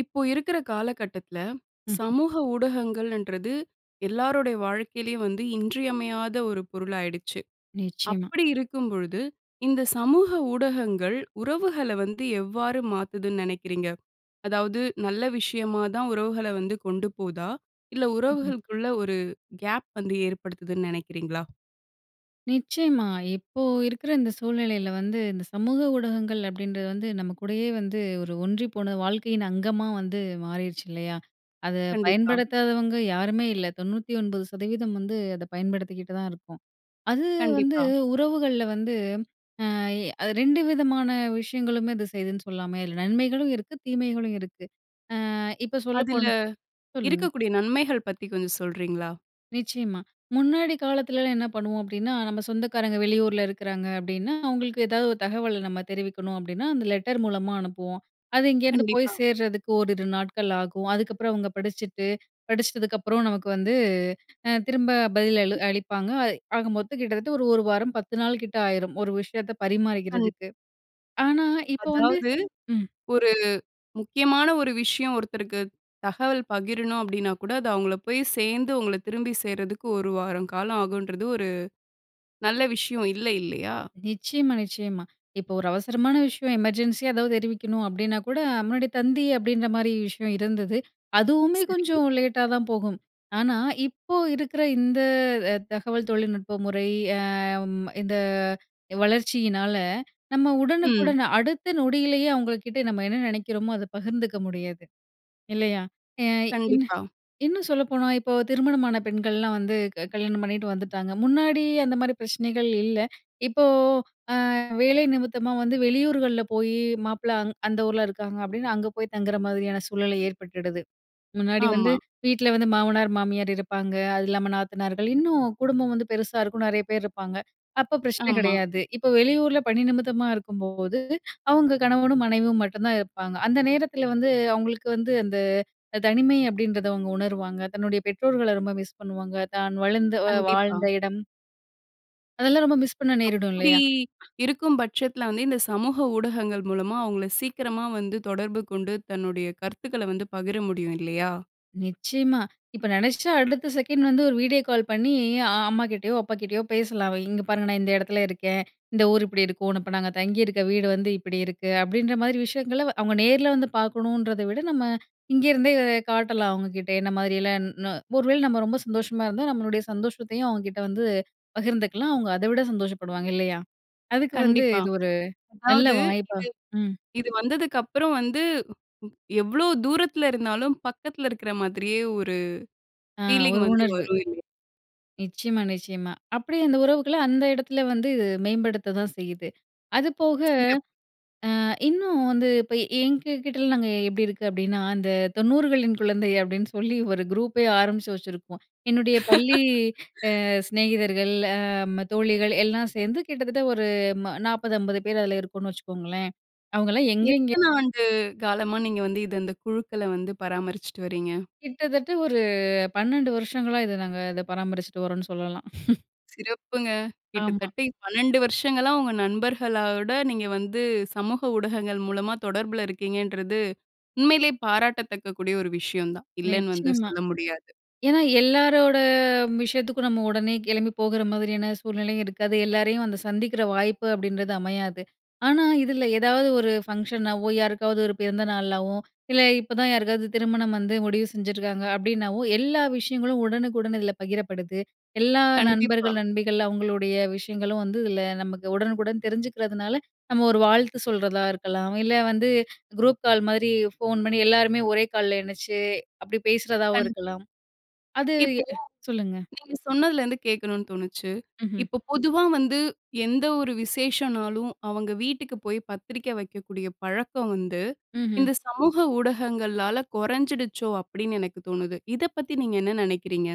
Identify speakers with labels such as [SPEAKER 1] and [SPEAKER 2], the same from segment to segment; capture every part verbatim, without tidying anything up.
[SPEAKER 1] இப்போ இருக்கிற காலகட்டத்தில,
[SPEAKER 2] ம். ம்.
[SPEAKER 1] சமூக ஊடகங்களன்றது எல்லாருடைய வாழ்க்கையிலேயும் வந்து இன்றியமையாத ஒரு பொருளாயிடுச்சு.
[SPEAKER 2] நிச்சயமா.
[SPEAKER 1] அப்படி இருக்கும்பொழுது, இந்த சமூக ஊடகங்கள் உறவுகள வந்து எவ்வாறு மாத்துதுன்னு நெனைக்கிறீங்க? அதாவது, நல்ல விஷயமாதான் உறவுகள வந்து கொண்டுபோதா? இல்ல
[SPEAKER 2] ம், ம்.
[SPEAKER 1] உறவுகளுக்குள்ள ஒரு கேப் வந்து ஏற்படுத்துதுன்னு நெனைக்கிறீங்களா?
[SPEAKER 2] நிச்சயமா. இப்போ இருக்கிற இந்த சூழ்நிலையில வந்து, இந்த சமூக ஊடகங்கள் அப்படீன்றது வந்து, நம்மக்கூடயே வந்து, ஒரு ஒன்றிப்போன வாழ்க்கையின் அங்கமா வந்து மாறிருச்சு, இல்லையா? அத
[SPEAKER 1] கண்டிப்பா.
[SPEAKER 2] பயன்படுத்தாதவங்க யாருமே இல்ல. தொண்ணூத்தி ஒன்பது சதவீதம் வந்து அத பயன்படுத்திக்கிட்டுதான் இருக்கோம். அது வந்து
[SPEAKER 1] கண்டிப்பா.
[SPEAKER 2] உறவுகள்ல வந்து அ அது ரெண்டு விதமான விஷயங்களுமே அது செய்துன்னு சொல்லாமே! இதுல நன்மைகளும் இருக்கு. தீமைகளும் இருக்கு. அ இப்ப சொல்ல
[SPEAKER 1] அதில
[SPEAKER 2] போன் சொல்லுங்க.
[SPEAKER 1] இருக்கக்கூடிய நன்மைகள் பத்தி கொஞ்சம் சொல்றீங்களா?
[SPEAKER 2] நிச்சயமா. முன்னாடி காலத்துலலாம் என்ன பண்ணுவோம் அப்படீன்னா, நம்ம சொந்தக்காரங்க வெளியூர்ல இருக்கிறாங்க அப்படீன்னா, அவுங்களுக்கு ஏதாவது ஒரு தகவல நம்ம தெரிவிக்கணும் அப்படீன்னா, அந்த லெட்டர் மூலமா அனுப்புவோம். அது இங்கேருந்து போய்
[SPEAKER 1] கண்டிப்பா.
[SPEAKER 2] சேர்றதுக்கு ஓரிரு நாட்கள் ஆகும். அதுக்கப்பறம் அவுங்க படிச்சுட்டு படிச்சிட்டதுக்கப்புறம் நமக்கு வந்து அ திரும்ப பதில் அளு அளிப்பாங்க. அய் ஆக மொத்தம் கிட்டத்தட்ட ஒரு ஒரு வாரம் பத்து நாளுக்கிட்ட ஆயிரும். ஒரு விஷயத்த
[SPEAKER 1] கண்
[SPEAKER 2] பரிமாறிக்கிறதுக்கு. ஆனா, இப்போ வந்து
[SPEAKER 1] அதாவது,
[SPEAKER 2] ம்.
[SPEAKER 1] "ஒரு முக்கியமான ஒரு விஷயம் ஒருத்தருக்கு தகவல் பகிரணும்." அப்படீன்னாக்கூட அது அவுங்கள போய் சேர்ந்து, உங்கள திரும்பி சேர்றதுக்கு ஒரு வாரம் காலம் ஆகும்ன்றது ஒரு நல்ல விஷயம் இல்ல, இல்லையா?
[SPEAKER 2] நிச்சயமா, நிச்சயமா. இப்போ ஒரு அவசரமான விஷயம், எமர்ஜென்சியா எதாவது தெரிவிக்கணும் அப்படீன்னாக்கூட, முன்னாடி தந்தி அப்படீன்ற மாரி விஷயம் இருந்தது. அதுவுமே
[SPEAKER 1] சரி.
[SPEAKER 2] கொஞ்சம் லேட்டாதான் போகும். ஆனா, இப்போ இருக்கிற இந்த அ தகவல் தொழில்நுட்ப முறை அம் இந்த வளர்ச்சியினால, நம்ம
[SPEAKER 1] ம்.
[SPEAKER 2] உடனுக்குடன் அடுத்த நொடியிலேயே அவுங்கள்க்கிட்ட நம்ம என்ன நெனைக்கிறோமோ, அத பகிர்ந்துக்க முடியறது, இல்லையா? ஏய் இன்னு
[SPEAKER 1] கண்டிப்பா.
[SPEAKER 2] இன்னும் சொல்லப்போனா, இப்போ திருமணமான பெண்கள்லாம் வந்து க கல்யாணம் பண்ணீட்டு வந்துட்டாங்க. முன்னாடி அந்தமாரி பிரச்சனைகள் இல்ல. இப்போ, "அ வேலை நிமித்தமா வந்து வெளியூர்கள்ல் போயி, மாப்பிள அங் அந்த ஊர்ல இருக்காங்க." அப்படீன்னு அங்க போய் தங்குற மாதிரியான சூழல் ஏற்பட்டுடுது. முன்னாடி வந்து
[SPEAKER 1] ஆமா.
[SPEAKER 2] வீட்ல வந்து மாமனார், மாமியார் இருப்பாங்க. அது இல்லாம நாத்தனார்கள், இன்னும் குடும்பம் வந்து பெருசா இருக்கும். நெறைய பேர் இருப்பாங்க. அப்ப பிரச்சனை
[SPEAKER 1] ஆமா.
[SPEAKER 2] கெடையாது. இப்ப வெளியூர்ல பணி நிமித்தமா இருக்கும்போது, அவுங்க கணவனும் மனைவியும் மட்டுந்தான் இருப்பாங்க. அந்த நேரத்தில வந்து அவுங்களுக்கு வந்து அந்த "தனிமை" அப்படீன்றத அவுங்க உணருவாங்க. தன்னுடைய பெற்றோர்கள ரொம்ப மிஸ் பண்ணுவாங்க. தான் வளர்ந்த அ
[SPEAKER 1] கண்டிப்பா.
[SPEAKER 2] வாழ்ந்த இடம் அதெல்லாம் ரொம்ப மிஸ் பண்ண நேரிடும்
[SPEAKER 1] அப்படி
[SPEAKER 2] இல்லையா?
[SPEAKER 1] இருக்கும் பட்சத்துல வந்து, இந்த சமூக ஊடகங்கள் மூலமா அவுங்கள சீக்கிரமா வந்து தொடர்பு கொண்டு, தன்னுடைய கருத்துக்கள வந்து பகிர முடியும், இல்லையா?
[SPEAKER 2] நிச்சயமா. இப்ப நெனச்சா அடுத்த செகண்ட் வந்து, ஒரு வீடியோ கால் பண்ணி அ அம்மாகிட்டயோ, அப்பாகிட்டயோ பேசலாம். "அவ இங்க பாருங்க நா இந்த எடத்துல இருக்கேன். இந்த ஊரு இப்படி இருக்கும். நா இப்ப நாங்க தங்கி இருக்க வீடு வந்து இப்படியிருக்கு." அப்படீன்ற மாரி விஷயங்கள வ அவுங்க நேர்ல வந்து பாக்கணுன்றத விட, நம்ம இங்கருந்தே காட்டலாம் அவுங்ககிட்ட என்ன மாரியல்லாம் ன்னொ ஒருவேள நம்ம ரொம்ப சந்தோஷமா இருந்தா, நம்மளுடைய சந்தோஷத்தயும் அவுங்ககிட்ட வந்து பகிர்ந்துக்கலாம். அவுங்க அத விட சந்தோஷப்படுவாங்க, இல்லையா? அதுக்கு வந்து
[SPEAKER 1] கண்டிப்பா.
[SPEAKER 2] இது ஒரு நல்ல
[SPEAKER 1] அதாவது இது
[SPEAKER 2] வாய்ப்பா ம்.
[SPEAKER 1] இது வந்ததுக்கப்புறம் வந்து, வ் வ் எவ்வளோ தூரத்துல இருந்தாலும், பக்கத்துல இருக்கிற மாதிரியே ஒரு
[SPEAKER 2] அ
[SPEAKER 1] ஃபீலிங்
[SPEAKER 2] ஒரு
[SPEAKER 1] வந்து
[SPEAKER 2] உணர்வு.
[SPEAKER 1] வரும் இல்லையா?
[SPEAKER 2] நிச்சயமா, நிச்சயமா. அப்படி அந்த உறவுகள அந்த எடத்துல வந்து மேம்படுத்ததான் செய்யுது. அதுபோக
[SPEAKER 1] சிறப்பு.
[SPEAKER 2] அ இன்னும் வந்து இப்ப எங்ககிட்டலாம் நாங்க எப்படி இருக்கு அப்படீன்னா, அந்த தொண்ணூறுகளின் குழந்தை அப்படீன்னு சொல்லி ஒரு குரூப்பே ஆரம்பிச்சு வச்சுருப்போம். என்னுடைய பள்ளி அ சிநேகிதர்கள் அ ம தோழிகள் எல்லா சேந்து கிட்டத்தட்ட ஒரு ம நாப்பது, ஐம்பது பேர் அதுல இருக்கோம்ன்னு வச்சுக்கோங்களேன். அவங்கல்லாம் எங்கெங்கே
[SPEAKER 1] எத்தன ஆண்டு காலமா நீங்க வந்து இத இந்த குழுக்கள வந்து பராமரிச்சுட்டு வர்றீங்க?
[SPEAKER 2] கிட்டத்தட்ட ஒரு பன்னெண்டு வருஷங்களா, இத நாங்க இத பராமரிச்சுட்டு வரோம்ன்னு சொல்லலாம்.
[SPEAKER 1] சிறப்புங்க.
[SPEAKER 2] ஆமா.
[SPEAKER 1] கிட்டத்தட்ட பன்னெண்டு வருஷங்களா உங்க நண்பர்களோட நீங்க வந்து சமூக ஊடகங்கள் மூலமா தொடர்பில இருக்கீங்கன்றது, உண்மையிலேயே பாராட்டத்தக்கக்கூடிய ஒரு விஷயந்தான். இல்லேன்னு வந்து
[SPEAKER 2] நிச்சயமா.
[SPEAKER 1] சொல்ல முடியாது.
[SPEAKER 2] ஏன்னா, எல்லாரோட விஷயத்துக்கும் நம்ம உடனே கிளம்பி போகற மாதிரியான சூழ்நிலையும் இருக்காது. எல்லாரையும் அந்த சந்திக்கிற வாய்ப்பு அப்பிடின்றது அமையாது. ஆனா, இதில எதாவது ஒரு ஃபங்ஷனாவோ, யாருக்காவது ஒரு பிறந்த நாளாவோ, இல்ல இப்பதான் யாருக்காவது திருமணம் வந்து முடிவு செஞ்சுருக்காங்க அப்பிடின்னாவோ, எல்லா விஷயங்களும் உடனுக்குடன் இதுல பகிரப்படுது. எல்லா
[SPEAKER 1] கண்டிப்பா.
[SPEAKER 2] நண்பர்கள், நண்பிகள் அவுங்களுடைய விஷயங்களும் வந்து இதுல நமக்கு உடனுக்குடன் தெரிஞ்சுக்கிறதுனால, நம்ம ஒரு வாழ்த்து சொல்றதா இருக்கலாம், இல்ல வந்து குரூப் கால்மாரி ஃபோன் பண்ணி எல்லாருமே ஒரே கால்ல இணைச்சு, அப்பிடி பேசுறதாவும்
[SPEAKER 1] கண்
[SPEAKER 2] இருக்கலாம். அது
[SPEAKER 1] இப்போ
[SPEAKER 2] சொல்லுங்க.
[SPEAKER 1] நீங்க சொன்னதுல இருந்து கேட்கணுனு தோணுச்சு.
[SPEAKER 2] ம்ஹம்.
[SPEAKER 1] இப்போ பொதுவா வந்து எந்த ஒரு விசேஷனாலும் அவுங்க வீட்டுக்கு போய் பத்திரிக்க வைக்கக்கூடிய பழக்கம் வந்து,
[SPEAKER 2] ம்ஹம்.
[SPEAKER 1] இந்த சமூக ஊடகங்களால குறைஞ்சிடுச்சோ! அப்பிடின்னு எனக்கு தோணுது. இதப்பத்தி நீங்க என்ன நினைக்கிறீங்க?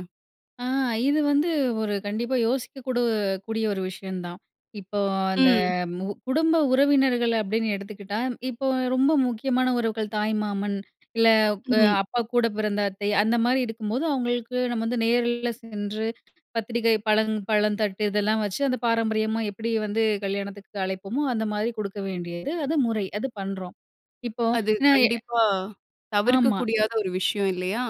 [SPEAKER 2] ஆ. இதுவந்து ஒரு கண்டிப்பா யோசிக்கக்கூட கூடிய ஒரு விஷயந்தான். இப்போ அந்த
[SPEAKER 1] ம்.
[SPEAKER 2] மு குடும்ப உறவினர்கள் அப்பிடின்னு எடுத்துக்கிட்டா, இப்போ ரொம்ப முக்கியமான உறவுகள் தாய் மாமன், இல்ல அ
[SPEAKER 1] ம்.
[SPEAKER 2] அப்பாக்கூட பிறந்த அத்தை, அந்தமாரி இருக்கும்போது அவுங்களுக்கு நம்ம வந்து நேரில்ல சென்று பத்திரிக்கை, பழம், பழம் தட்டு இதெல்லாம் வச்சு, அந்த பாரம்பரியமா எப்பிடி வந்து கல்யாணத்துக்கு அழைப்போமோ, அந்தமாரி கொடுக்க வேண்டியது அது முறை. அது பண்றோம். இப்போ
[SPEAKER 1] அது
[SPEAKER 2] [unintelligible]
[SPEAKER 1] கண்டிப்பா
[SPEAKER 2] ஆமா.
[SPEAKER 1] தவிர்க்கக்கூடியாத ஒரு விஷயம் இல்லயா?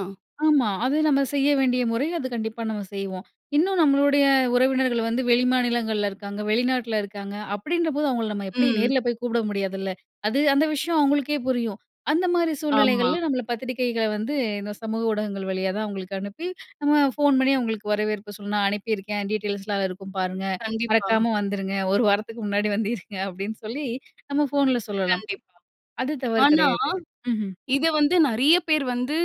[SPEAKER 2] ஆமா. அது நம்ம செய்ய வேண்டிய முறை. அது கண்டிப்பா நம்ம செய்வோம். இன்னும் நம்மளுடைய உறவினர்கள் வந்து வெளிமாநிலங்கள்ல இருக்காங்க, வெளிநாட்ல இருக்காங்க, அப்பிடின்றபோது அவுங்கள நம்ம எப்பிடி
[SPEAKER 1] ம்.
[SPEAKER 2] நேர்ல போய் கூப்பிட முடியாதுல்ல. அது அந்த விஷயம் அவுங்களுக்கே புரியும். அந்தமாரி
[SPEAKER 1] ஆமா.
[SPEAKER 2] சூழ்நிலைகள்ல் நம்மள பத்திரிக்கைகள வந்து இந்த சமூக ஊடகங்கள் வழியாதான் அவுங்களுக்கு அனுப்பி, நம்ம ஃபோன் பண்ணி அவுங்களுக்கு வரவேற்பு சொல்லணும். "நான் அனுப்பியிருக்கேன், டீட்டெயில்ஸ்லாம் அதுல இருக்கும் பாருங்க.
[SPEAKER 1] கண்டிப்பா.
[SPEAKER 2] மறக்காம வந்துருங்க. ஒரு வாரத்துக்கு முன்னாடி வந்து இருங்க." அப்பிடின்னு சொல்லி, நம்ம ஃபோன்ல சொல்லலாம்.
[SPEAKER 1] கண்டிப்பா.
[SPEAKER 2] அது தவறு
[SPEAKER 1] ஆனா,
[SPEAKER 2] கிடையாது. ம்ஹ்ம்.
[SPEAKER 1] இதவந்து நிறைய பேர் வந்து,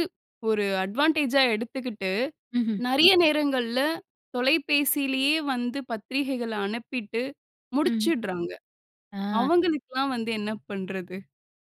[SPEAKER 1] ஒரு அட்வான்டேஜா எடுத்துக்கிட்டு,
[SPEAKER 2] ம்ஹம்.
[SPEAKER 1] நிறைய நேரங்கள்ல தொலைபேசிலேயே வந்து பத்திரிகைகள அனுப்பிட்டு
[SPEAKER 2] ம்.
[SPEAKER 1] முடிச்சிட்றாங்க.
[SPEAKER 2] ஆ.
[SPEAKER 1] அவுங்களுக்லாம் வந்து என்ன பண்றது?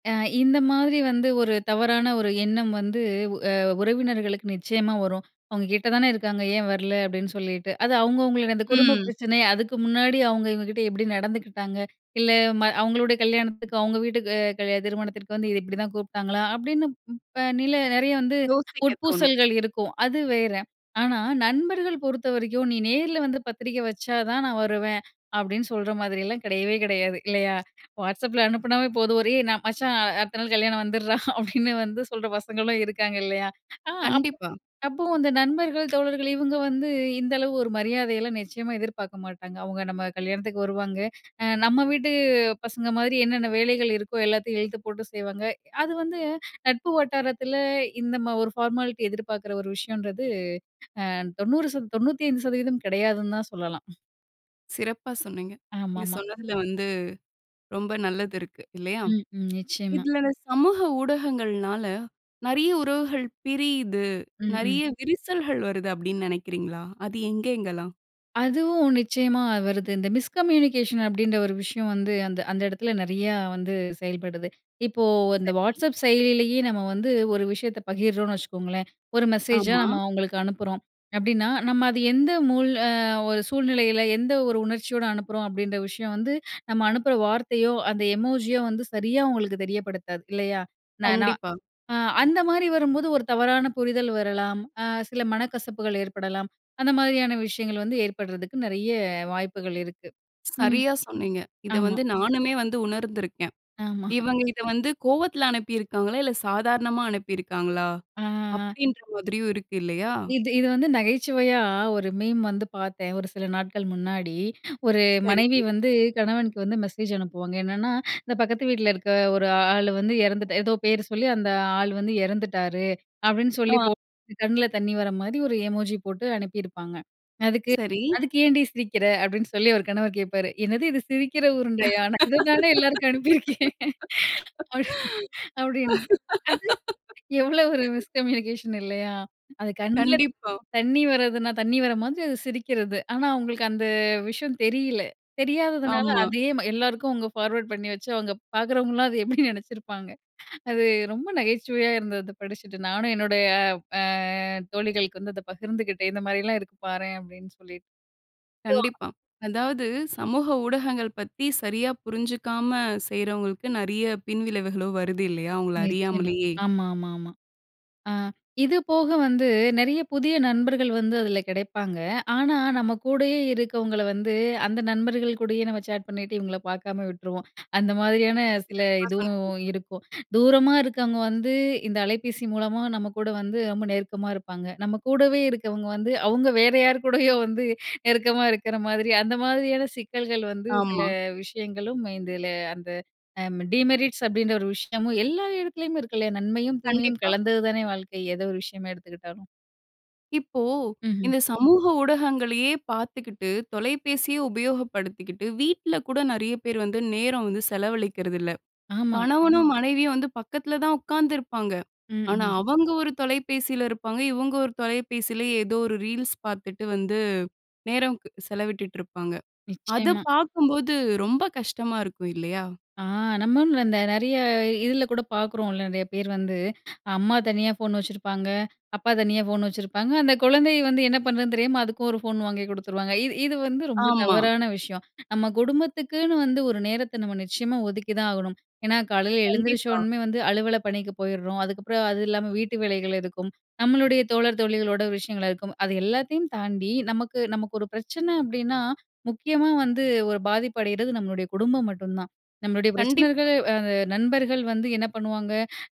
[SPEAKER 2] அ இந்த மாதிரி வந்து ஒரு தவறான ஒரு எண்ணம் வந்து அ உறவினர்களுக்கு நிச்சயமா வரும். "அவுங்க கிட்ட தான இருக்காங்க. ஏன் வரல?" அப்டின்னு சொல்லிட்டு. அது அவுங்கவுங்கள்து அந்த குடும்ப
[SPEAKER 1] ம்.
[SPEAKER 2] பிரச்சனைய அதுக்கு முன்னாடி அவுங்க இவுங்ககிட்ட எப்டி நடந்துக்கிட்டாங்க இல்ல ம அவங்களுடய கல்யாணத்துக்கு அவுங்க வீட்டுக்கு கல் திருமணத்திற்கு வந்து இத இப்டிதான் கூப்ட்டாங்களா? அப்டின்னு ப் இப்ப நில நெறய வந்து
[SPEAKER 1] யோசிக்க தோணும்.
[SPEAKER 2] உட்பூசல்கள் இருக்கும். அது வேற. ஆனா நண்பர்கள் பொறுத்தவரைக்கும் "நீ நேர்ல வந்து பத்திரிக்க வச்சா தான் நா வருவேன்."அப்டின்னு சொல்ற மாதிரியலாம் கெடயவே கெடயாது இல்லையா? WhatsAppல அனுப்புனாவே போதும். "ஒரே நா மச்சா அடுத்த நாள் கல்யாணம் வந்துர்ரா" அப்டின்னு வந்து சொல்ற பசங்களும் இருக்காங்க, இல்லையா? அ அப்போ
[SPEAKER 1] கண்டிப்பா.
[SPEAKER 2] அப்போ அந்த நண்பர்கள் தோழர்கள் இவுங்க வந்து இந்த அளவு ஒரு மரியாதயெல்லாம் நிச்சயமா எதிர்பாக்க மாட்டாங்க. அவுங்க நம்ம கல்யாணத்துக்கு வருவாங்க, நம்ம வீட்டு பசங்க மாதிரி என்னென்ன வேலைகள் இருக்கோ எல்லாத்தயும் இழுத்து போட்டு செய்வாங்க. அது வந்து நட்பு வட்டாரத்துல இந்த ம ஒரு ஃபார்மாலிட்டி எதிர்பாக்குற ஒரு விஷயம்ன்றது அ தொண்ணூறு சதவ் தொண்ணூத்தி ஐந்து சதவீதம் கெடயாதுன்னு தா சொல்லலாம்.
[SPEAKER 1] சிறப்பா சொன்னீங்க. நீங்க
[SPEAKER 2] ஆமாமா.
[SPEAKER 1] சொன்னதுல வந்து ரொம்ப நல்லது இருக்கு, இல்லையா?
[SPEAKER 2] ம், ம். நிச்சயமா.
[SPEAKER 1] இதுல இந்த சமூக ஊடகங்கள்னால நெறய உறவுகள் பிரியிது.
[SPEAKER 2] ம், ம்.
[SPEAKER 1] நெறைய விரிசல்கள் வருது அப்டீன்னு நெனைக்கிறீங்களா? அது எங்கெங்கலாம்?
[SPEAKER 2] அதுவும் நிச்சயமா வருது. இந்த மிஸ்கம்யூனிகேஷன் அப்டின்ற ஒரு விஷயம் வந்து அந்த, அந்த எடத்துல நெறையா வந்து செயல்படுது. இப்போ வந்த
[SPEAKER 1] சரி.
[SPEAKER 2] வாட்ஸ்அப் செயலியிலேயே நம்ம வந்து ஒரு விஷயத்த பகிர்றோனு வச்சுக்கங்களேன். ஒரு மெசேஜா
[SPEAKER 1] ஆமா.
[SPEAKER 2] நம்ம அவங்களுக்கு அனுப்புறோம். அப்டின்னா நம்ம அது எந்த மூல் அ ஒரு சூழ்நிலையில எந்த ஒரு உணர்ச்சியோட அனுப்புறோம் அப்டின்ற விஷயம் வந்து நம்ம அனுப்புற வார்த்தையோ அந்த எமோஜி யோ வந்து சரியா அவுங்களுக்கு தெரியப்படுத்தாது, இல்லையா? நான் நான்
[SPEAKER 1] கண்டிப்பா.
[SPEAKER 2] அ அந்த மாரி வரும்போது ஒரு தவறான புரிதல் வரலாம். அ சில மனக்கசப்புகள் ஏற்படலாம். அந்த மாதிரியான விஷயங்கள் வந்து ஏற்படுறதுக்கு நெறைய வாய்ப்புகள் இருக்கு. ம்.
[SPEAKER 1] சரியா சொன்னீங்க. இத
[SPEAKER 2] ஆமா.
[SPEAKER 1] வந்து நானுமே வந்து உணர்ந்துருக்கேன்.
[SPEAKER 2] ஆமா.
[SPEAKER 1] இவங்க இத வந்து கோவத்துல அனுப்பியிருக்காங்களா? இல்ல சாதாரணமா அனுப்பியிருக்காங்களா?
[SPEAKER 2] ஆ. ஆ.
[SPEAKER 1] அப்டின்ற மாதிரியும் இருக்கு இல்லையா?
[SPEAKER 2] இது, இது வந்து நகைச்சுவையா ஒரு மீம் வந்து பாத்தேன் ஒரு சில நாட்கள் முன்னாடி. ஒரு
[SPEAKER 1] சரி.
[SPEAKER 2] மனைவி வந்து கணவனுக்கு வந்து மெசேஜ் அனுப்புவாங்க என்னன்னா, "இந்த பக்கத்து வீட்ல இருக்கிற ஒரு ஆளு வந்து எறந்துட்டாரு" ஏதோ பேரு சொல்லி "அந்த ஆள் வந்து இறந்துட்டாரு."அப்டின்னு சொல்லி
[SPEAKER 1] ஆ.
[SPEAKER 2] போட்டு கண்ல தண்ணி வர மாதிரி ஒரு எமோஜி போட்டு அனுப்பியிருப்பாங்க. "அதுக்கு,
[SPEAKER 1] சரி.
[SPEAKER 2] அதுக்கு ஏன்டி சிரிக்கிற?" அப்டின்னு சொல்லி அவரு கணவர் கேட்பாரு. "என்னது இது சிரிக்கிற உருண்டையா! நான் இத தான எல்லாருக்கும் அனுப்பியிருக்கேன்." அப்டின் அப்டின்னு அது எவ்ளோ ஒரு மிஸ்கம்யூனிகேஷன் இல்லையா? அது கண்ல
[SPEAKER 1] கண்டிப்பா.
[SPEAKER 2] தண்ணி வரதுன்னா தண்ணி வர மாதிரி அது சிரிக்கிறது. ஆனா அவங்களுக்கு அந்த விஷயம் தெரியல. தெரியாததுனால
[SPEAKER 1] ஆமா.
[SPEAKER 2] அதே ம எல்லாருக்கும் அவங்க ஃபார்வர்ட் பண்ணி வச்சு, அவங்க பாக்குறவங்கலாம் அது எப்டி நெனச்சிருப்பாங்க? அது ரொம்ப நகைச்சுவையா இருந்தது படிச்சுட்டு. நானும் என்னுடைய அ அ தோழிகளுக்கு வந்து அத பகிர்ந்துக்கிட்டேன். "இந்த மாரிலாம் இருக்கு பாரேன்" அப்படின்னு சொல்லி. [unintelligible]
[SPEAKER 1] கண்டிப்பா. அதாவது சமூக ஊடகங்கள் பத்தி சரியா புரிஞ்சுக்காம செய்றவங்களுக்கு, நெறைய பின்விளைவுகளும் வருது இல்லையா? அவுங்கள
[SPEAKER 2] நிச்சயமா.
[SPEAKER 1] அறியாமலயே!
[SPEAKER 2] ஆமா, ஆமா, ஆமா. அ இது போக வந்து நெறைய புதிய நண்பர்கள் வந்து அதுல கெடைப்பாங்க. ஆனா நம்ம கூடயே இருக்கவங்கள வந்து அந்த நண்பர்கள் கூடயே நம்ம சேட் பண்ணிட்டு, இவங்கள பாக்காம விட்ருவோம். அந்த மாதிரியான சில
[SPEAKER 1] சிறப்பா சொன்னீங்க.
[SPEAKER 2] இதுவும் இருக்கும். தூரமா இருக்குறவங்க வந்து இந்த அலைபேசி மூலமா நம்ம கூட வந்து ரொம்ப நெருக்கமா இருப்பாங்க. நம்ம கூடவே இருக்கவங்க வந்து அவங்க வேற யார் கூடயோ வந்து நெருக்கமா இருக்கிற மாதிரி அந்த மாதிரியான சிக்கல்கள் வந்து சில
[SPEAKER 1] ஆமா.
[SPEAKER 2] விஷயங்களும் இதுல, அந்த டீமெரிட்ஸ் அப்டின்ற ஒரு விஷயமும் எல்லா இடத்துலயுமே இருக்குல்லயா? நன்மையும் தீமையும்
[SPEAKER 1] கண்டிப்பா.
[SPEAKER 2] கலந்தது தானே வாழ்க்கை. எத ஒரு விஷயமா எடுத்துக்கிட்டாலும்.
[SPEAKER 1] இப்போ,
[SPEAKER 2] ம்ஹ்ம்.
[SPEAKER 1] இந்த சமூக ஊடகங்களயே பாத்துக்கிட்டு, தொலைபேசிய உபயோகப்படுத்திக்கிட்டு வீட்டுல கூட நெறைய பேரு வந்து நேரம் வந்து செலவழிக்கிறதில்ல.
[SPEAKER 2] ஆமா.
[SPEAKER 1] கணவனும், மனைவியும் வந்து பக்கத்துல தான் ஒக்காந்துருப்பாங்க.
[SPEAKER 2] ம்,
[SPEAKER 1] ஆனா
[SPEAKER 2] ம்.
[SPEAKER 1] அவங்க ஒரு தொலைபேசில இருப்பாங்க, இவுங்க ஒரு தொலைபேசில ஏதோ ஒரு ரீல்ஸ் பாத்துட்டு வந்து நேரம் க் செலவிட்டுட்டுருப்பாங்க. அத
[SPEAKER 2] நிச்சயமா.
[SPEAKER 1] பாக்கும்போது, ரொம்ப கஷ்டமா இருக்கும் இல்லையா?
[SPEAKER 2] ஆ நம்ம இந்த ந நெறைய இதுல கூட பாக்குறோல, நெறைய பேர் வந்து அம்மா தனியா ஃபோன் வச்சுருப்பாங்க, அப்பா தனியா ஃபோன் வச்சுருப்பாங்க, அந்த குழந்தை வந்து என்ன பண்றதுன்னு தெரியாம அதுக்கும் ஒரு ஃபோன் வாங்கி குடுத்துருவாங்க. இது இது வந்து ரொம்ப
[SPEAKER 1] ஆமா.
[SPEAKER 2] தவறான விஷயம். நம்ம குடும்பத்துக்குன்னு வந்து ஒரு நேரத்த நம்ம நிச்சயமா ஒதுக்கி தான் ஆகணும். ஏன்னா காலைல எழுந்திரிச்ச
[SPEAKER 1] கண்டிப்பா.
[SPEAKER 2] உடன்மே வந்து அலுவல பணிக்கு போயிர்றோம், அதுக்கப்றம் அது இல்லாம வீட்டு வேலைகள் இருக்கும். நம்மளுடைய தோழர், தோழிகளோட விஷயங்கள் இருக்கும். அது எல்லாத்தயும் தாண்டி நமக்கு நமக்கு ஒரு பிரச்சன அப்டின்னா, முக்கியமா வந்து ஒரு பாதிப்பு அடையிறது நம்மளுடய குடும்பம் மட்டும் தான். நம்மளுடய
[SPEAKER 1] கண்டிப்பா.
[SPEAKER 2] பிரச்சனைகள் அ அந்த நண்பர்கள் வந்து என்ன பண்ணுவாங்க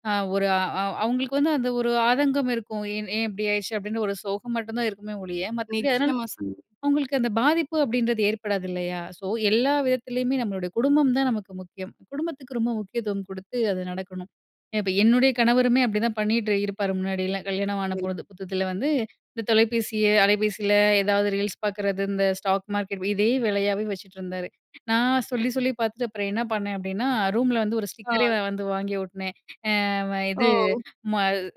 [SPEAKER 2] அ ஒரு அ அவுங்களுக்கு வந்து அந்த ஒரு ஆதங்கம் இருக்கும் "ஏன் ஏ இப்டி ஆயிடுச்சு?" அப்டின்ற ஒரு சோகம் மட்டும்தான் இருக்குமே ஒழிய, மற்றபடி அதனால
[SPEAKER 1] நிச்சயமா சொன்னீங்க.
[SPEAKER 2] அவுங்களுக்கு அந்த பாதிப்பு அப்டின்றது ஏற்படாது இல்லையா? ஸோ, எல்லா விதத்திலயுமே நம்மளுடைய குடும்பம் தான் நமக்கு முக்கியம். குடும்பத்துக்கு ரொம்ப முக்கியத்துவம் கொடுத்து அது நடக்கணும். இப்ப என்னுடைய கணவருமே அப்டிதான் பண்ணிட்டு இருப்பாரு முன்னாடியெல்லா கல்யாணம் ஆன பொழுது புத்தத்தில வந்து இந்த தொலைபேசிய அலைபேசில ஏதாவது ரீல்ஸ் பாக்கறது இந்த ஸ்டாக் மார்க்கெட் இதே வேலயாவே வச்சுட்ருந்தாரு. நான் சொல்லி சொல்லி பாத்துட்டு அப்றம் என்ன பண்ணே அப்டினா ரூம்ல வந்து ஒரு ஸ்டிக்கரே
[SPEAKER 1] ஆ.
[SPEAKER 2] அ வந்து வாங்கி ஒட்டுனே. அ இது
[SPEAKER 1] ஓ!
[SPEAKER 2] ம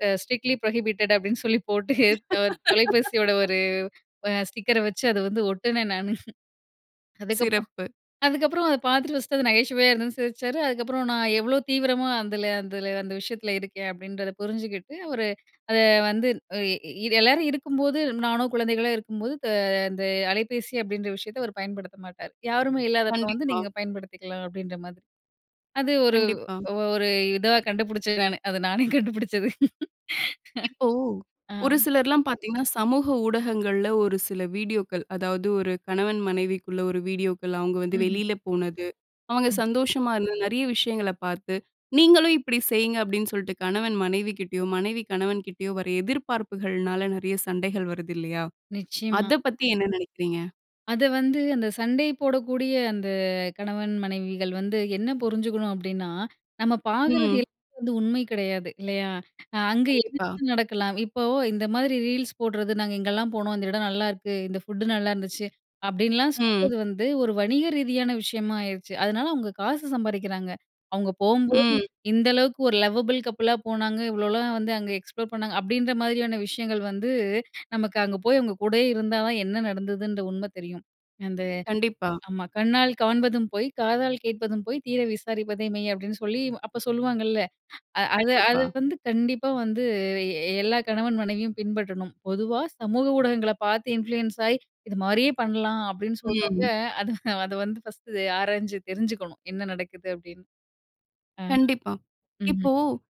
[SPEAKER 2] எ "ஸ்ட்ரிக்ட்லி ப்ரோஹிபிட்டட்" அப்டின்னு சொல்லி போட்டு த தொலைபேசியோட ஒரு வ ஸ்டிக்கர வச்சு அத வந்து ஒட்டுனே நானு. அதுக்கப்புறம்
[SPEAKER 1] சிறப்பு.
[SPEAKER 2] அதுக்கப்றம் அத பாத்துட்டு ஃபர்ஸ்ட்டு அது நகைச்சுவையா இருந்ததுன்னு சிரிச்சாரு, அதுக்கப்றம் நான் எவ்ளோ தீவிரமா அதுல அதுல அந்த விஷயத்துல இருக்கேன் அப்டின்றத புரிஞ்சுகிட்டு, ஒரு அத வந்து எ எல்லாரும் இருக்கும்போது, நானோ குழந்தைகளோ இருக்கும்போது அ அந்த அலைபேசி அப்டின்ற விஷயத்த அவரு பயன்படுத்த மாட்டாரு. யாருமே இல்லாதப்போ வந்து
[SPEAKER 1] கண்டிப்பா.
[SPEAKER 2] நீங்க பயன்படுத்திக்கலாம் அப்டின்ற மாதிரி அது ஒரு
[SPEAKER 1] கண்டிப்பா.
[SPEAKER 2] ஒரு இதுவா கண்டுபிடிச்சேன் நானு. அது நானே கண்டுபிடிச்சது.
[SPEAKER 1] இப்போ
[SPEAKER 2] ஆ.
[SPEAKER 1] ஒரு சிலர்லாம் பாத்தீங்கன்னா, சமூக ஊடகங்கள்ல ஒரு சில வீடியோக்கள் அதாவது, ஒரு கணவன் மனைவிக்குள்ள ஒரு வீடியோக்கள் அவுங்க வந்து
[SPEAKER 2] ம்ஹ்ம்.
[SPEAKER 1] வெளியில போனது, அவுங்க
[SPEAKER 2] ம்.
[SPEAKER 1] சந்தோஷமா இருந்தது, நெறைய விஷயங்கள பாத்து "நீங்களும் இப்டி செய்ங்க" அப்டின்னு சொல்ட்டு கணவன் மனைவிகிட்டயோ, மனைவி கணவன் கிட்டயோ வர்ற எதிர்பார்ப்புகள்னால, நெறைய சண்டைகள் வருதில்லையா?
[SPEAKER 2] நிச்சயமா.
[SPEAKER 1] அத பத்தி என்ன நெனைக்கிறீங்க?
[SPEAKER 2] அத வந்து அந்த சண்டை போடக்கூடிய அந்த கணவன் மனைவிகள் வந்து, என்ன புரிஞ்சுக்கணும், அப்படீன்னா, நம்ம பாக்குறது
[SPEAKER 1] ம்.
[SPEAKER 2] எல் வந்து உண்மை கிடையாது, இல்லையா? அ அங்க
[SPEAKER 1] கண்டிப்பா.
[SPEAKER 2] [unintelligible] நடக்கலாம். இப்போ இந்த மாதிரி ரீல்ஸ் போடுறது, "நாங்க இங்கல்லாம் போனோம். இந்த இடம் நல்லாயிருக்கு. இந்த ஃபுட்டு நல்லாயிருந்துச்சு." அப்படீன்லாம்
[SPEAKER 1] ம்.
[SPEAKER 2] சொல்றது வந்து, ஒரு வணிக ரீதியான விஷயமா ஆயிருச்சு. அதனால அவுங்க காசு சம்பாரிக்கிறாங்க. அவங்க போம்போது,
[SPEAKER 1] ம்.
[SPEAKER 2] "இந்த அளவுக்கு ஒரு லவபிள் கப்பிளா போனாங்க. இவ்வளோலாம் வந்து அங்க எக்ஸ்ப்ளோர் பண்ணாங்க." அப்படீன்ற மாதிரியான விஷயங்கள் வந்து, நமக்கு அங்க போய் அவங்க கூடயே இருந்தா தான், என்ன நடந்ததுன்ற உண்மை தெரியும். அந்த
[SPEAKER 1] கண்டிப்பா.
[SPEAKER 2] ஆமா, "கண்ணால் காண்பதும் பொய். காதால் கேட்பதும் பொய். தீர விசாரிப்பதே மெய்." அப்படீன்னு சொல்லி, அப்ப சொல்லுவாங்கல்ல. அது அது
[SPEAKER 1] கண்டிப்பா.
[SPEAKER 2] வந்து கண்டிப்பா வந்து எ எல்லா கணவன் மனைவியும் பின்பற்றணும். பொதுவா சமூக ஊடகங்களை பார்த்து இன்ஃப்ளூயன்ஸ் ஆயி, "இது மாரியே பண்ணலாம்." அப்படீன்னு சொல்றவங்க
[SPEAKER 1] ம்.
[SPEAKER 2] அது அது வந்து ஃபர்ஸ்ட்டு ஆராய்ஞ்சு தெரிஞ்சுக்கணும், "என்ன நடக்குது?" அப்படீன்னு. ஆமா.
[SPEAKER 1] கண்டிப்பா.
[SPEAKER 2] ம்ஹ்ம்.
[SPEAKER 1] இப்போ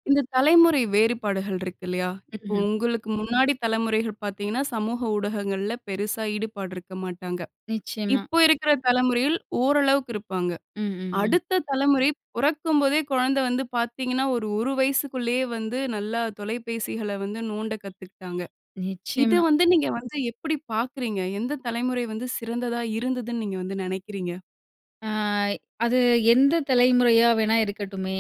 [SPEAKER 1] இந்த தலைமுறை வேறுபாடுகள் இருக்கு இல்லையா? இப்போ
[SPEAKER 2] ம்ஹ்ம்.
[SPEAKER 1] உங்களுக்கு முன்னாடி தலமுறைகள் பார்த்தீங்கன்னா, சமூக ஊடகங்கள்ல பெருசா ஈடுபாடு இருக்க மாட்டாங்க.
[SPEAKER 2] நிச்சயமா.
[SPEAKER 1] இப்ப இருக்கிற தலைமுறையில் ஓரளவுக்கு இருப்பாங்க.
[SPEAKER 2] ம், ம், ம்.
[SPEAKER 1] அடுத்த தலமுறை பொறக்கும்போதே கொழந்தை வந்து பார்த்தீங்கன்னா, ஒரு ஒரு வயசுக்குள்ளேயே வந்து நல்லா தொலைபேசிகளை வந்து நோண்ட கத்துக்க்கிட்டாங்க. இது
[SPEAKER 2] நிச்சயமா.
[SPEAKER 1] வந்து நீங்க வந்து எப்படி பார்க்குறீங்க? எந்த தலைமுறை வந்து சிறந்ததா இருந்ததுன்னு நீங்கள் வந்து நெனைக்கிறீங்க?
[SPEAKER 2] அ அது எந்த தலைமுறையா வேணா இருக்கட்டுமே.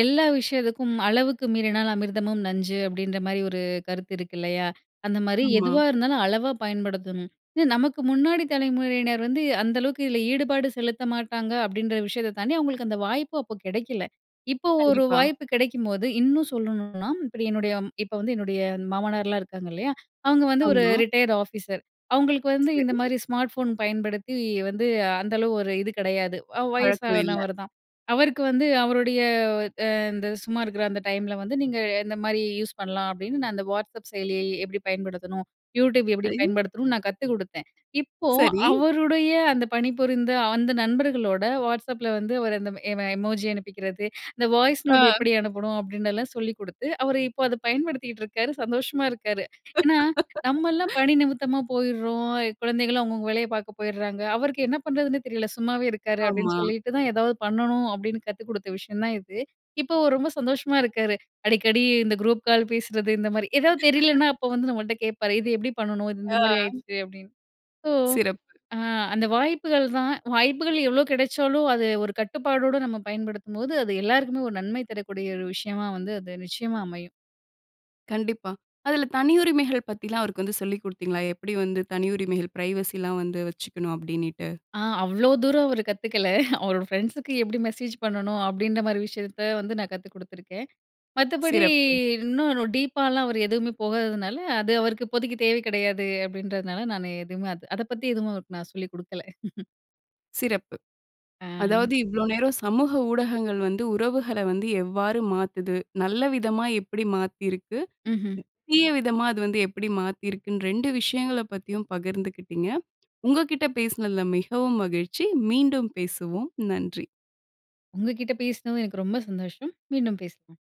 [SPEAKER 2] எல்லா விஷயதுக்கும், "அளவுக்கு மீறினால் அமிர்தமும் நஞ்சு." அப்படீன்ற மாரி ஒரு கருத்து இருக்கு இல்லையா? அந்தமாரி
[SPEAKER 1] ஆமா.
[SPEAKER 2] எதுவா இருந்தாலும் அளவா பயன்படுத்தணும். "அ நமக்கு முன்னாடி தலைமுறையினர் வந்து, அந்த அளவுக்கு இதுல ஈடுபாடு செலுத்த மாட்டாங்க." அப்படீன்ற விஷயத்த தாண்டி, அவங்களுக்கு அந்த வாய்ப்பு அப்போ கெடைக்கல. இப்போ ஒரு
[SPEAKER 1] கண்டிப்பா.
[SPEAKER 2] வாய்ப்பு கெடைக்கும்போது இன்னும் சொல்லணும்ன்னா, இப்படி என்னுடைய இப்ப வந்து என்னுடைய மாமனார்லாம் இருக்காங்க இல்லையா? அவங்க வந்து ஒரு
[SPEAKER 1] ஆமா.
[SPEAKER 2] Retired officer. அவங்களுக்கு வந்து இந்த
[SPEAKER 1] சரி.
[SPEAKER 2] மாரி ஸ்மார்ட் ஃபோன் பயன்படுத்தி, வந்து அந்தளவு ஒரு இது கெடையாது. அவ்
[SPEAKER 1] பழக்கம் இல்ல.
[SPEAKER 2] வயசானவர் தான். அவருக்கு வந்து அவருடைய, அ இந்த சும்மா இருக்குற அந்த டைம்ல வந்து, "நீங்க இந்த மாரி யூஸ் பண்ணலாம்." அப்படீன்னு நான் அந்த WhatsApp செயலிய எப்படி பயன்படுத்தணும்? YouTube எப்படி
[SPEAKER 1] ஐ!
[SPEAKER 2] பயன்படுத்தணும்னு நான் கத்து குடுத்தேன். இப்போ
[SPEAKER 1] சரி.
[SPEAKER 2] அவருடைய அந்த பணிபுரிந்த அந்த நண்பர்களோட WhatsAppல வந்து அவர் அந்த எம் எமோஜி அனுப்பிக்கிறது "இந்த வாய்ஸ் நோட்
[SPEAKER 1] ஆ.
[SPEAKER 2] எப்படி அனுப்பணும்?" அப்படினல்லாம் சொல்லி குடுத்து, அவர் இப்போ அத பயன்படுத்திட்ருக்காரு. சந்தோஷமா இருக்காரு. ஏன்னா, "நம்மல்லாம் பணி நிமித்தமா போய்டுறோம். குழந்தைங்களும் அவங்கவங்க வேலைய பாக்க போயிட்றாங்க. அவருக்கு என்ன பண்றதுன்னே தெரியல, சும்மாவே இருக்காரு."
[SPEAKER 1] ஆமா.
[SPEAKER 2] அப்படீன்னு சொல்லிட்டு தான், "எதாவது பண்ணணும்." அப்டீன்னு கத்து குடுத்த விஷயம் தான் இது. இப்போ அவரு ரொம்ப சந்தோஷமா இருக்காரு. அடிக்கடி இந்த குரூப் கால் பேசுறது, இந்தமாரி. எதாவது தெரிலனா, அப்போ வந்து நம்மள்ட்ட கேட்பாரு. "இது எப்படி பண்ணணும்? இது இந்த
[SPEAKER 1] ஆ.
[SPEAKER 2] மாரி ஆயிருச்சு." அப்படீன்னு. சோ,
[SPEAKER 1] சிறப்பு.
[SPEAKER 2] அ அந்த வாய்ப்புகள் தான். வாய்ப்புகள் எவ்வளோ கெடைச்சாலும், அது ஒரு கட்டுப்பாடோட நம்ம பயன்படுத்தும்போது, அது எல்லாருக்குமே ஒரு நன்மை தரக்கூடிய ஒரு விஷயமா வந்து அது நிச்சயமா அமையும்.
[SPEAKER 1] கண்டிப்பா. அதுல தனி உரிமைகள் பத்தில்லாம் அவருக்கு வந்து சொல்லிக் குடுத்தீங்களா? "எப்படி வந்து தனி உரிமைகள், ப்ரைவசிலாம் வந்து வச்சுக்கணும்?" அப்படீன்னிட்டு.
[SPEAKER 2] ஆ அவ்ளோ தூரம் அவரு கத்துக்கல. "அவரோட ஃப்ரெண்ட்ஸுக்கு எப்படி மெசேஜ் பண்ணணும்?" அப்படீன்ற மாரி விஷயத்த வந்து நான் கத்து குடுத்துருக்கேன். மத்தபடி,
[SPEAKER 1] சிறப்பு.
[SPEAKER 2] "இன்னும் டீப்பால்லாம் அவர் எதுவுமே போகாததுனால, அது அவருக்கு இப்போதைக்கு தேவை கிடையாது." அப்படீன்றதுனால நானு எதுவுமே அது அத பத்தி எதுவும் அவருக்கு நான் சொல்லிக் குடுக்கல.
[SPEAKER 1] சிறப்பு.
[SPEAKER 2] அ.
[SPEAKER 1] அதாவது இவ்வளோ நேரம், சமூக ஊடகங்கள் வந்து உறவுகள வந்து எவ்வாறு மாத்துது? நல்ல விதமா எப்படி மாத்திருக்கு?
[SPEAKER 2] மஹ்ம்.
[SPEAKER 1] தீய விதமா அது வந்து எப்படி மாத்திருக்குன்னு, ரெண்டு விஷயங்களப் பத்தியும் பகிர்ந்துக்கிட்டீங்க. உங்க கிட்ட பேசுனதில மிகவும் மகிழ்ச்சி. மீண்டும் பேசுவோம். நன்றி.
[SPEAKER 2] உங்ககிட்ட பேசினதும் எனக்கு ரொம்ப சந்தோஷம். மீண்டும் பேசலாம்.